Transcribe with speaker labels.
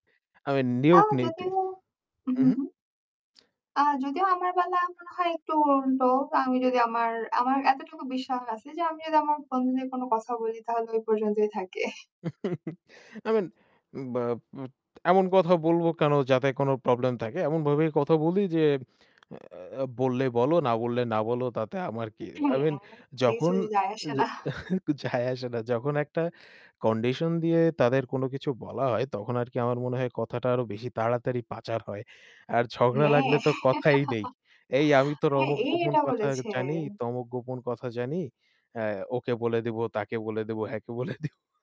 Speaker 1: I mean নিয়োগ
Speaker 2: তাও যদিও
Speaker 1: নীতি।
Speaker 2: হু, হু,
Speaker 1: উহু।
Speaker 2: হু। আ যদিও আমার বেলা মনে হয় একটু উল্টো, আমি যদি আমার আমার এতটুকু বিশ্বাস আছে যে আমি যদি আমার বন্ধুদের কোনো কথা বলি তাহলে ওই পর্যন্তই থাকে।
Speaker 1: I mean উম বা উম এমন কথা বলবো কেন যাতে কোন প্রবলেম থাকে। এমনভাবেই কথা বলি যে বললে অ্যা বললে বলো না বললে না বলো তাতে আমার কি?
Speaker 2: উম
Speaker 1: I mean
Speaker 2: হ্যাঁ,
Speaker 1: যখন
Speaker 2: কিছুই যায়
Speaker 1: অ্যা
Speaker 2: আসে না।
Speaker 1: যে যায় আসে না। যখন একটা কন্ডিশন দিয়ে তাদের কোন কিছু বলা হয় তখন আরকি আমার মনে হয় কথাটা আরও বেশি তাড়াতাড়ি পাচার হয়। আর ঝগড়া
Speaker 2: হ্যাঁ।
Speaker 1: লাগলে তো কথাই নেই। "এই আমি তোর
Speaker 2: হ্যাঁ,
Speaker 1: অমুক
Speaker 2: এ
Speaker 1: গোপন
Speaker 2: এটা
Speaker 1: কথা
Speaker 2: বলেছে।
Speaker 1: জানি, তমুক গোপন কথা জানি। অ্যা ওকে বলে দিবো, তাকে বলে দিবো, হ্যাঁ, কে বলে দিব।"